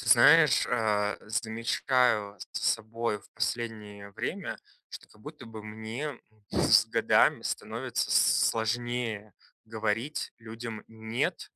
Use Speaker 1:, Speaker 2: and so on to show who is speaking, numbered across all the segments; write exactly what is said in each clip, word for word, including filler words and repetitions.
Speaker 1: Ты знаешь, э, замечаю за собой в последнее время, что как будто бы мне, м, с годами становится с сложнее говорить людям "нет",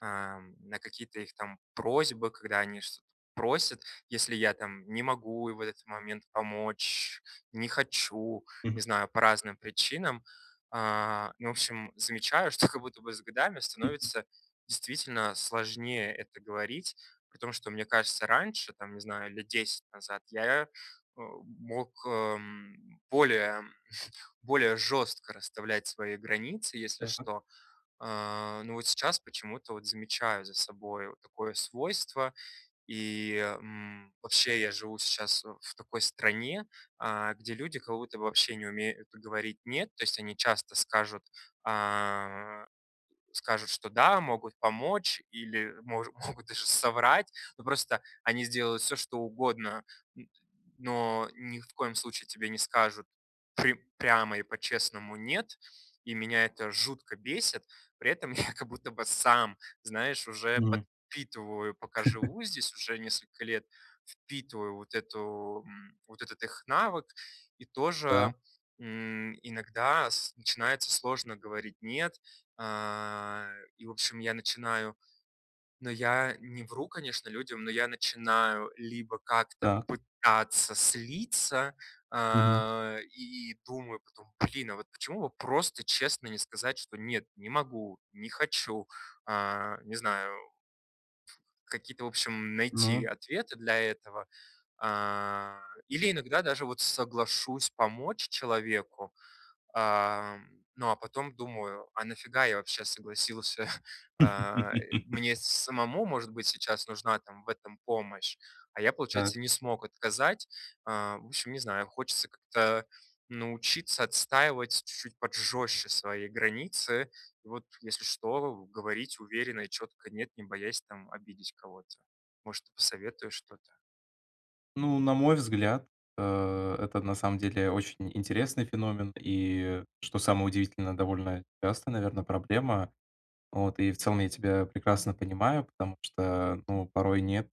Speaker 1: э, на какие-то их там просьбы, когда они что-т просят, если я там не могу и в этот момент помочь, не хочу, не
Speaker 2: Мгм.
Speaker 1: знаю- по разным причинам. А, ну, в общем, замечаю, что как будто бы с годами
Speaker 2: Мгм.
Speaker 1: становится действительно сложнее это говорить. При том что, мне кажется, раньше там, не знаю, лет десять назад, я, э, мог, эм, более более жёстко расставлять свои границы, если
Speaker 2: Да.
Speaker 1: что. Э, но вот сейчас почему-то вот замечаю за собой вот такое свойство. И, м, вообще, я живу сейчас, э, в такой стране, э, где люди как будто бы вообще не умеют говорить "нет". То есть они часто скажут, а, скажут, что да, могут помочь, или мож могут даже соврать, ну просто они сделают всё что угодно. Н но ни х в коем случае тебе не скажут при прямо и по-честному "нет", и меня это жутко бесит. При этом я как будто бы сам, знаешь, уже
Speaker 2: Мгм.
Speaker 1: подпитываю, пока живу здесь уже несколько лет, впитываю вот эту, м, вот этот их навык, и
Speaker 2: Да.
Speaker 1: тоже, м, иногда с начинается сложно говорить "нет", э, и, в общем, я начинаю но я не вру, конечно, людям, но я начинаю либо как-то
Speaker 2: Да.
Speaker 1: пытаться слиться,
Speaker 2: Мгм.
Speaker 1: а, и думаю потом: "Блин, а вот почему бы просто честно не сказать, что нет, не могу, не хочу?" Э, не знаю. Какие-то, в общем, найти
Speaker 2: Мгм.
Speaker 1: ответы для этого, а. Или иногда даже вот соглашусь помочь человеку. А, ну а потом думаю: "А нафига я вообще согласился?" Э, мне с самому, может быть, сейчас нужна там в этом помощь? А я,
Speaker 2: Так.
Speaker 1: получается, не смог отказать. Э, в общем, не знаю, хочется как-то научиться отстаивать чуть-чуть вот жёстче свои границы и вот, если что, говорить уверенно и чётко "нет", не боясь там обидеть кого-то. Может, посоветуешь что-то?
Speaker 2: Ну, на мой взгляд, э, это, на самом деле, очень интересный феномен и, что самое удивительное, довольно частая, наверно, проблема. Вот. И в целом я тебя прекрасно понимаю, потому что, ну, порой нет-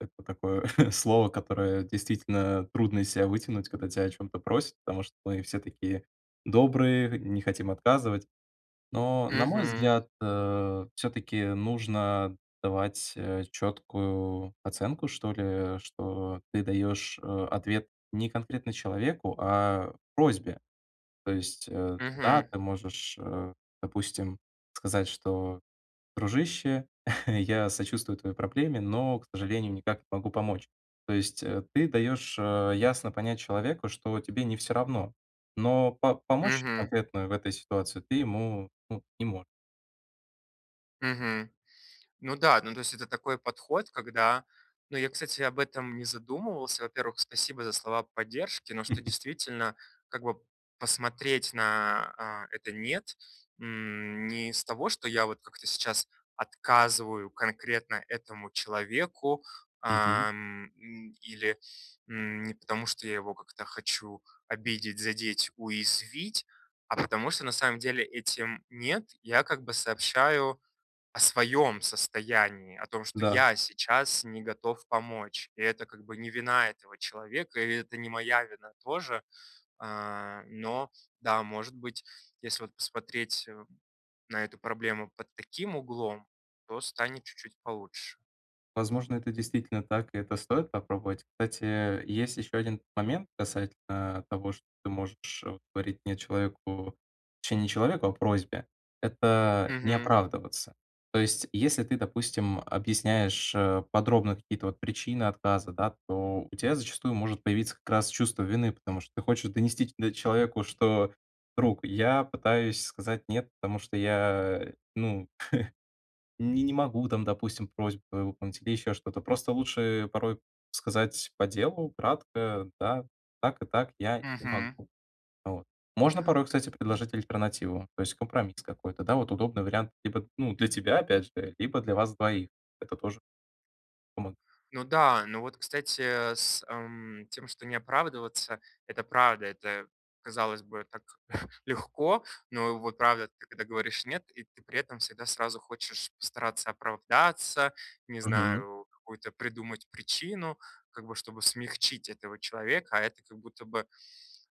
Speaker 2: это такое слово, которое действительно трудно из себя вытянуть, когда тя о чём-то просят, потому что мы все такие добрые, не хотим отказывать, но на мой
Speaker 1: Мгм.
Speaker 2: взгляд, э, всё-таки нужно давать, э, четкую оценку, что ли, что ты даешь, э, ответ не конкретно человеку, а просьбе. То есть, э, да,
Speaker 1: Мгм.
Speaker 2: ты можешь, э, допустим, сказать, что: "Дружище, я сочувствую твоей проблеме, но, к сожалению, никак не могу помочь". То есть, э, ты даешь, э, ясно понять человеку, что тебе не всё равно, но по помочь
Speaker 1: Мгм.
Speaker 2: конкретно в этой ситуации ты ему, ну, не мо.
Speaker 1: Мгм. Ну да, ну, то есть это такой подход, когда ну, я, кстати, об этом не задумывался. Во-первых, спасибо за слова поддержки, но что, действительно, как бы посмотреть на, э, это нет, м, не из того, что я вот как-то сейчас отказываю конкретно этому человеку,
Speaker 2: Мгм.
Speaker 1: ам, или, м, не потому, что я его как-то хочу обидеть, задеть, уязвить, а потому что на самом деле этим нет я как бы сообщаю о своем состоянии, о том, что
Speaker 2: Да.
Speaker 1: я сейчас не готов помочь. И это как бы не вина этого человека, и это не моя вина тоже, э, но да, может быть, если вот посмотреть, э, на эту проблему под таким углом, то станет чуть-чуть получше.
Speaker 2: Возможно, это действительно так и это стоит попробовать. Кстати, э, есть еще один момент касательно того, что ты можешь говорить не человеку точнее, не челоевку, а просьбе- это не
Speaker 1: Мгм.
Speaker 2: оправдываться. То есть если ты, допустим, объясняешь, э, подробно какие-то вот причины отказа, да, то у тя зачастую может появиться как раз чувство вины, потому что ты хочешь донести до человеку, что: "Друг, я пытаюсь сказать нет, потому что я, ну, не не могу там, допустим, просьбу выполнить или еще что-то". Просто лучше порой сказать по делу, кратко: "Да, так и так, я не
Speaker 1: Мгм.
Speaker 2: могу". Вот. Можно порой, кстати, предложить альтернативу, то есть компромисс какой-то, да. Вот удобный вариант либо, ну, для тебя опять же, либо для вас двоих. Это тоже. [unintelligible]
Speaker 1: Ну да, но вот, кстати, э, с, м, тем, что не оправдываться, это правда. Это, казалось бы, так легко, но вот правда, ты когда говоришь нет- и ты при этом всегда сразу хочешь постараться оправдаться, не
Speaker 2: Мгм.
Speaker 1: знаю, какую-то придумать причину, как бы чтобы смягчить этого человека, а это как будто бы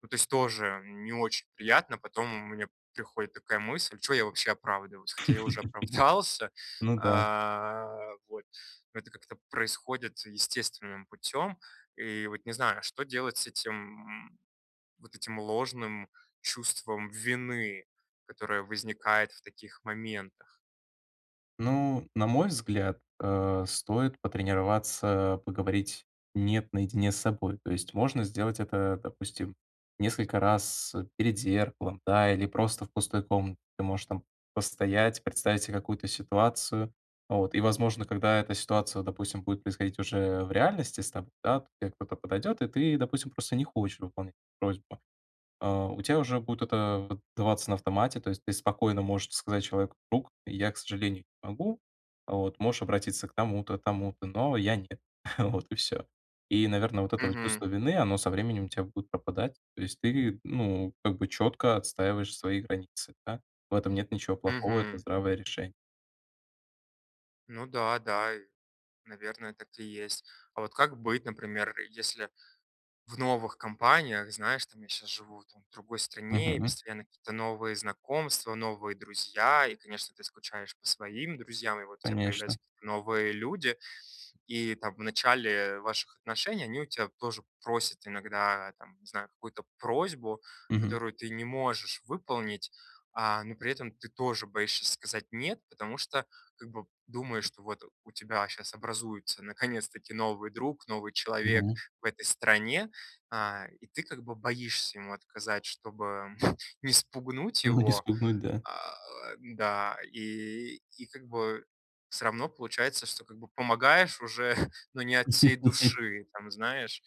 Speaker 1: ну, то есть тоже не очень приятно. Потом мне приходит такая мысль: "Чё я вообще оправдываюсь?" Хотя я уже оправдался.
Speaker 2: Ну да.
Speaker 1: А, вот. Это как-то происходит естественным путём. И вот не знаю, что делать с этим вот этим ложным чувством вины, которое возникает в таких моментах.
Speaker 2: Ну, на мой взгляд, э, стоит потренироваться поговорить "нет" наедине с собой. То есть можно сделать это, допустим, несколько раз перед зеркалом, да, или просто в пустой комна. Ты можешь постоять, представить се какую-то ситуацию, вот, и возможно когда эта ситуация, допустим, будет происходить уже в реальности с тобой, да. То те кто-то подойдет, и ты, допустим, просто не хочешь выполнять эту просьбу. А, у тебя уже будет это вот даваться, вот, на автомате, то есть ты спокойно можешь сказать человеку: "Друг, я, к сожалению, не могу. Вот, можешь обратиться к тому-то, тому-то, но я- нет". Вот и всё. И, наверное, вот это
Speaker 1: Мгм.
Speaker 2: чувство вины- оно со временем у тя будет пропадать. То есть ты, ну, как бы четко отстаиваешь свои границы, да. В этом нет ничего плохого, это
Speaker 1: Мгм.
Speaker 2: здравое решение.
Speaker 1: Ну да, да, и наверное, так и есть. А вот как быть, например, если в новых компаниях, знаешь, там, я щас живу там в другой стране, и
Speaker 2: Мгм.
Speaker 1: постоянно какие-то новые знакомства, новые друзья, и, конечно, ты скучаешь по своим друзьям, и вот у тебя
Speaker 2: Конечно.
Speaker 1: появляются какие-то новые люди. И, там, в начале ваших отношений, они у тебя тоже просят иногда, там, не знаю, какую-то просьбу,
Speaker 2: Мгм.
Speaker 1: которую ты не можешь выполнить, а, но при этом ты тоже боишься сказать "нет", потому что как бы думаешь, что вот у тебя щас образуется наконец-таки новый друг, новый человек
Speaker 2: Мгм.
Speaker 1: в этой стране, а, и ты как бы боишься ему отказать, чтобы не спугнуть
Speaker 2: Ну не
Speaker 1: его.
Speaker 2: спугнуть, да.
Speaker 1: А, да. И и как бы всё равно получается, что как бы помогаешь уже, но не от всей души, там, знаешь.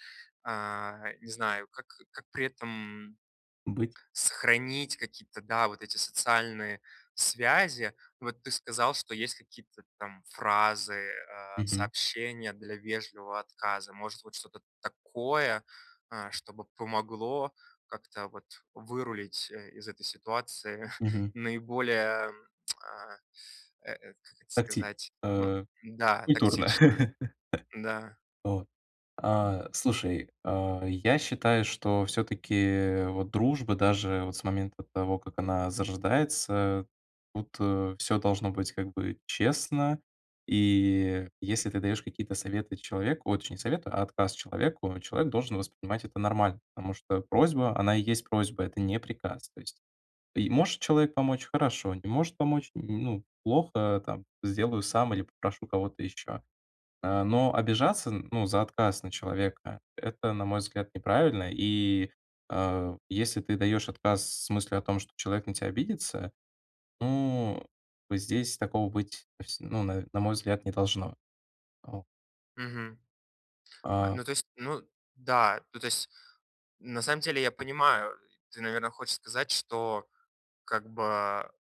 Speaker 1: А, не знаю, как как при этом
Speaker 2: Быть.
Speaker 1: сохранить какие-то, да, вот эти социальные связи. Вот ты сказал, что есть какие-то там фразы, э,
Speaker 2: Мгм.
Speaker 1: сообщения для вежливого отказа. Может быть, вот что-то такое, э, чтобы помогло как-то, вот, вырулить, э, из этой ситуации
Speaker 2: Мгм.
Speaker 1: наиболее, а, э эт, как это
Speaker 2: Такти
Speaker 1: сказать Ну
Speaker 2: э, и
Speaker 1: да,
Speaker 2: культурно.
Speaker 1: тактично.
Speaker 2: Э.
Speaker 1: Да.
Speaker 2: Вот. А, слушай, а, я считаю, что всё-таки вот дружба даже вот с момента того, как она зарождается, тут, э, всё должно быть как бы честно и если ты даёшь какие-то советы человеку ой, точнее, не советы, а отказ человеку, человек должен воспринимать это нормально, потому что просьба- она и есть просьба, это не приказ. То есть и может человек помочь- хорошо, не может помочь- ну, плохо, там, сделаю сам или попрошу кого-то ещё. Э, но обижаться, ну, за отказ на человека- это, на мой взгляд, неправильно, и, э, если ты даёшь отказ с мыслью о том, что человек на тя обидится, ну, бы здесь такого быть, вс ну на на мой взгляд, не должно. О.
Speaker 1: Мгм. А,
Speaker 2: А.
Speaker 1: ну то есть ну да ну, то есть на самом деле, я понимаю. Ты, наверно, хочешь сказать, что как бы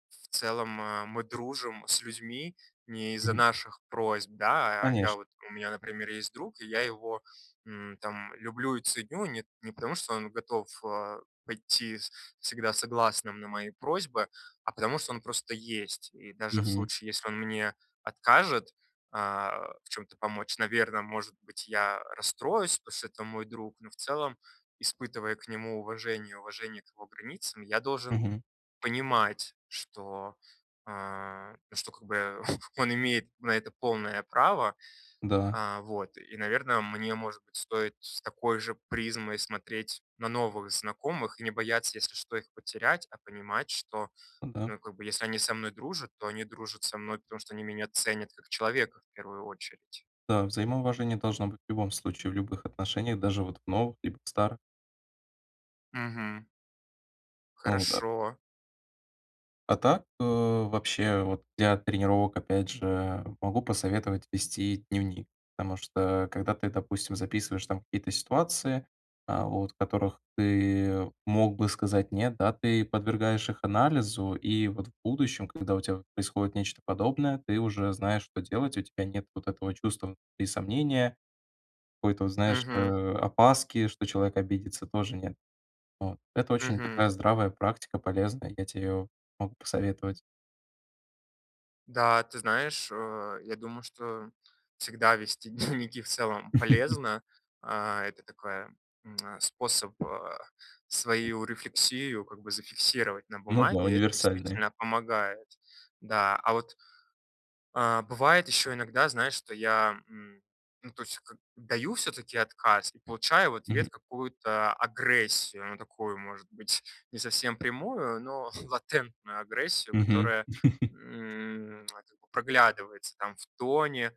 Speaker 1: в целом, мы дружим с людьми не из-за
Speaker 2: Мгм.
Speaker 1: наших просьб, да? А я
Speaker 2: Конечно.
Speaker 1: вот у меня, например, есть друг, и я его, м, там, люблю и ценю не не потому, что он готов, а, пойти с всегда согласным на мои просьбы, а потому, что он просто есть. И даже в
Speaker 2: Мгм.
Speaker 1: случае, если он мне откажет, а, в чем-то помочь, наверно, может быть, я расстроюсь, потушта это мой друг, но в целом, испытывая к нему уважение, уважение к его границам, я должен
Speaker 2: Мгм.
Speaker 1: понимать, что, э, что как бы он имеет на это полное право.
Speaker 2: Да.
Speaker 1: А, вот, и, наверное, мне, может быть, стоит с такой же призмой смотреть на новых знакомых и не бояться, если что, их потерять, а понимать, что,
Speaker 2: Да.
Speaker 1: ну, как бы, если они со мной дружат, то они дружат со мной, потому что они меня ценят как человека, в первую очередь.
Speaker 2: Да, взаимоуважение должно быть в любом случае, в любых отношениях, даже вот в новых либо в старых.
Speaker 1: Мгм.
Speaker 2: О да.
Speaker 1: Хорошо.
Speaker 2: А так, э, вообще, вот для тренировок, опять же, могу посоветовать вести дневник, потому что, когда ты, допустим, записываешь там какие-то ситуации, а, вот, в которых ты мог бы сказать нет, да, ты подвергаешь их анализу, и, вот, в будущем, когда у тебя вот происходит нечто подобное, ты уже знаешь, что делать, у тебя нет вот этого чувства внутри сомнения, какой-то вот, знаешь, э,
Speaker 1: Мгм.
Speaker 2: опаски, что человек обидится, тоже нет. Вот. Это очень такая
Speaker 1: Мгм.
Speaker 2: здравая практика, полезная, я те её могу посоветовать.
Speaker 1: Да, ты знаешь, э, я думаю, что всегда вести дневники в целом полезно. А, это такой, м, способ, э, свою рефлексию, как бы, зафиксировать на
Speaker 2: Ну да,
Speaker 1: бумаге, это
Speaker 2: универсальные.
Speaker 1: действительно помогает. Да. А вот А, бывает ещё иногда, знаешь, что я, м, ну, то есть как, даю всё-таки отказ, и получаю в
Speaker 2: Мгм.
Speaker 1: ответ какую-то агрессию, ну, такую, может быть, не совсем прямую, но латентную агрессию,
Speaker 2: Мгм.
Speaker 1: которая, м, как бы, проглядывается там в тоне.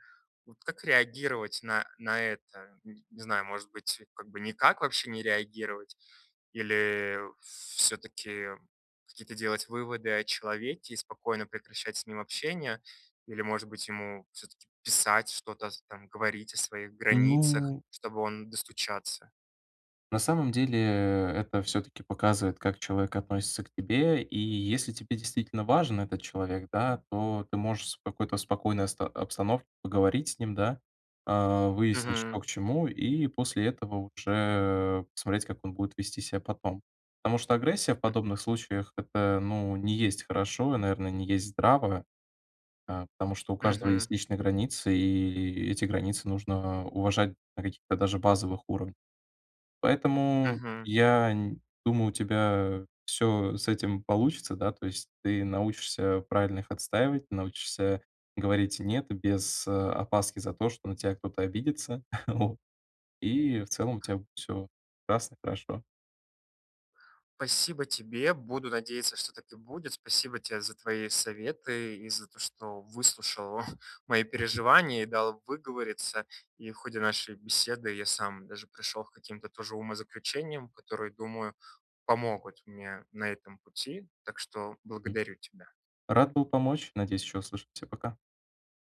Speaker 1: Вот как реагировать на на это? Н не знаю, может быть, как бы никак вообще не реагировать? Или всё-таки какие-то делать выводы о человеке и спокойно прекращать с ним общение? Или, может быть, ему всё-таки писать, что-то с там, говорить о своих границах,
Speaker 2: Ну
Speaker 1: чтобы он достучаться?
Speaker 2: На самом деле, это всё-таки показывает, как человек относится к тебе, и если тебе действительно важен этот человек, да, то ты можешь с какой-то спокойной оста обстановке поговорить с ним, да, а, выяснить, что к
Speaker 1: Мгм.
Speaker 2: чему, и после этого уже, э, посмотреть, как он будет вести ся потом. Потому что агрессия в подобных случаях- это, ну, не есть хорошо. И, наверное, не есть здраво, э, потому что у каждого
Speaker 1: Мгм.
Speaker 2: есть личные границы, и и эти границы нужно уважать на каких-то даже базовых уров поэтому,
Speaker 1: Мгм.
Speaker 2: я н думаю, у тебя всё с этим получится, да. То есть ты научишься правильно их отстаивать, научишься говорить "нет" без, э, опаски за то, что на тебя кто-то обидится, вот. И в целом у тя всё классно, хорошо.
Speaker 1: Пасибо тебе, буду надеяться, что так и будет. Спасибо тебе за твои советы и за то, что выслушал мои
Speaker 2: Мгм.
Speaker 1: переживания и дал выговориться, и в ходе нашей беседы я сам даже пришел к каким-то тоже умозаключениям, которые, думаю, помогут мне на этом пути, так что
Speaker 2: М.
Speaker 1: благодарю тебя.
Speaker 2: Рад был помочь, надеюсь еще услышимся. Пока.